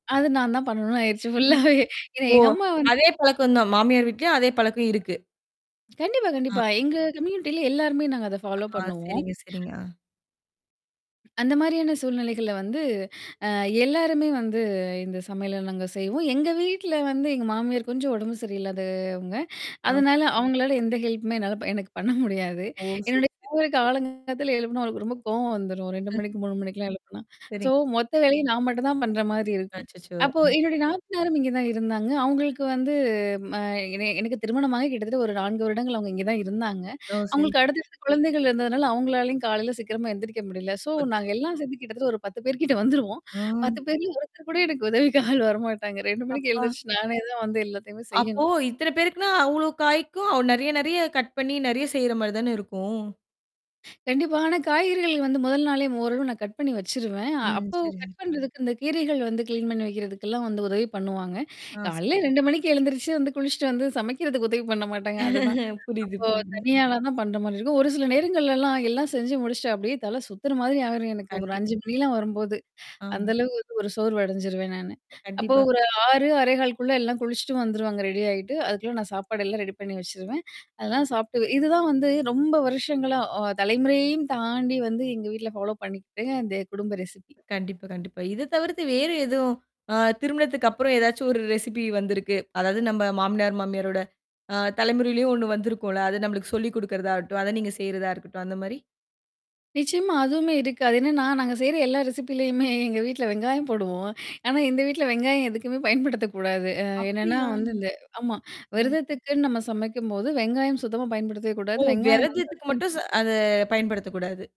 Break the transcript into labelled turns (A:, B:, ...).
A: அது நான் தான் பண்ணணும்னு ஆயிருச்சு.
B: ம்.
A: ஃபுல்லாவே ஏன்னா
B: ஓ!
A: எங்க அம்மா வந்து
B: அதே பழக்கம் தான். மாமியார் வீட்லயும் அதே பழக்கம் இருக்கு.
A: கண்டிப்பா,
B: ஆ.
A: கண்டிப்பா. எங்க கம்யூனிட்டில எல்லாருமே நாங்க அத ஃபாலோ
B: ஆ
A: பண்ணுவோம்.
B: சரிங்க, சரிங்க. ஆ.
A: அந்த மாரியான சூழ்நிலைகள்ல வந்து அ எல்லாருமே வந்து இந்த சமையல நாங்க செய்வோம். எங்க வீட்ல வந்து எங்க மாமியார் கொஞ்சம் உடம்பு சரியில்லாதவங்க.
B: ஆ.
A: அதனால அவங்களால எந்த ஹெல்ப்மே என்னால எனக்கு பண்ண முடியாது.
B: ஓ! சரி
A: என்னுடைய
B: [unintelligible]
A: கணவருக்கு காலங்கத்தால எழுப்பனா அவக்கு ரொம்ப கோவம் வந்துரும் 2
B: ம்.
A: மணிக்கு, 3 மணிக்கெல்லாம் எழுப்பனா. சோ
B: சரிங்க.
A: மொத்த வேலைய நான் மட்டும் தான் பண்ற மாரி இருக்கும்.
B: அச்சச்சோ!
A: அப்போ
B: அ.
A: என்னுடைய நாத்தனாரும் இங்கே தான் இருந்தாங்க. அவங்களுக்கு வந்து அ என எனக்கு திருமணமாக கிட்டத்தட்ட ஒரு 4 வருடங்கள் அவுங்க இங்கே தான் இருந்தாங்க.
B: ஓ! சரி.
A: அவங்களுக்கு அடுத்தடுத்த குழந்தைகள் இருந்ததுனால அவுங்களாலயும் காலையில சீக்கிரமா எந்திரிக்க முடியல. சோ நாங்க
B: அச்சச்சோ!
A: எல்லாம் சேந்து கிட்டத்தட்ட ஒரு 10 பேர் கிட்ட வந்துருவோம்.
B: ஓ.
A: 10 பேர்ல ஒருத்தர் கூட எனக்கு உதவி ஆள் வரமாட்டாங்க. 2 மணிக்கு
B: அப்பா!
A: எழுந்திரிச்சு நானே தான் வந்து எல்லாத்தையுமே
B: அப்போ
A: செய்யணும்.
B: இத்தன பேருக்குன்னா அவ்ளோ காய்க்கும் அவ நெறைய நெறைய கட் பண்ணி நெறைய செய்ற மாரி தானே இருக்கும்.
A: கண்டிப்பா. ஆனா காய்கறிகள் வந்து 1 நாளே ஓரளவு நான் கட் பண்ணி வச்சுருவேன்.
B: ம்.
A: அப்போ
B: சரிங்க.
A: கட் பண்றதுக்கு இந்த கீரைகள் வந்து கிளீன் பண்ணி வைக்கிறதுக்கெல்லாம் வந்து உதவி பண்ணுவாங்க.
B: ஆ சரி.
A: காலையில 2 மணிக்கு எழுந்திரிச்சு வந்து குளிச்சுட்டு வந்து சமைக்கிறதுக்கு உதவி பண்ண மாட்டாங்க. அதுதான் அப்போ
B: புரியுது, புரியுதுங்க.
A: தனி ஆளா தான் பண்ற மாரி இருக்கும். ஒரு சில நேரங்கள்லலாம் எல்லாம் செஞ்சு முடிச்சுட்டு அப்டியியே தல சுத்துற மாதிரி ஆயிரும். எனக்கு ஒரு
B: கண்டிப்
A: 5 மணிலாம் வரும்போது.
B: ஆ.
A: அந்த அளவுக்கு வந்து ஒரு சோர்வு அடைஞ்சுருவேன் நானு. அப்போ
B: கண்டிப்பா.
A: ஒரு 6, 6.15 குள்ள எல்லாம் குளிச்சுட்டும் வந்துருவாங்க ரெடி ஆயிட்டு. அதுக்குள்ள நான் சாப்பாடு எல்லாம் ரெடி பண்ணி வச்சுருவேன். அதெல்லாம் சாப்பட்டு இதுதான் வந்து ரொம்ப வருஷங்களா அ தலைமுறையையும் தாண்டி வந்து எங்க வீட்ல ஃபாலோ பண்ணிக்கிட்ட. இந்த குடும்ப ரெசிபி.
B: கண்டிப்பா, கண்டிப்பா. இத தவிர்த்து வேறு எதுவும் அ திருமணத்துக்கு அப்புறம் ஏதாச்சும் ஒரு ரெசிபி வந்திருக்கு. அதாவது நம்ம மாமினியார், மாமியாரோட ஆ தலைமுறையிலயும் ஒண்ணு வந்திருக்கும்ல. அத நம்மளுக்கு சொல்லிக் குடுக்குறதாாகட்டும். அத நீங்க செய்றதா இருக்கட்டும் அந்த மாரி.
A: நிச்சியமா. அதுவுமே இருக்கு. என்னன்னா, நாங்க செய்ற எல்லா ரெசிபிலயுமே எங்க வீட்ல வெங்காயம் போடுவோம். ஆனா, இந்த வீட்ல வெங்காயம் எதுக்குமே பயன்படுத்தக்கூடாது. அ என்னன்னா
B: அப்டியா?
A: வந்து இந்த ஆமா
B: அ.
A: விரதத்துக்குன்னு நம்ம சமைக்கும்போது, வெங்காயம் சுத்தமா பயன்படுத்தவே
B: ஓ!
A: கூடாது. வெங்காயம் வந்து
B: விரதத்துக்கு
A: [unintelligible]
B: மட்டும் ச அத பயன்படுத்தக்கூடாது.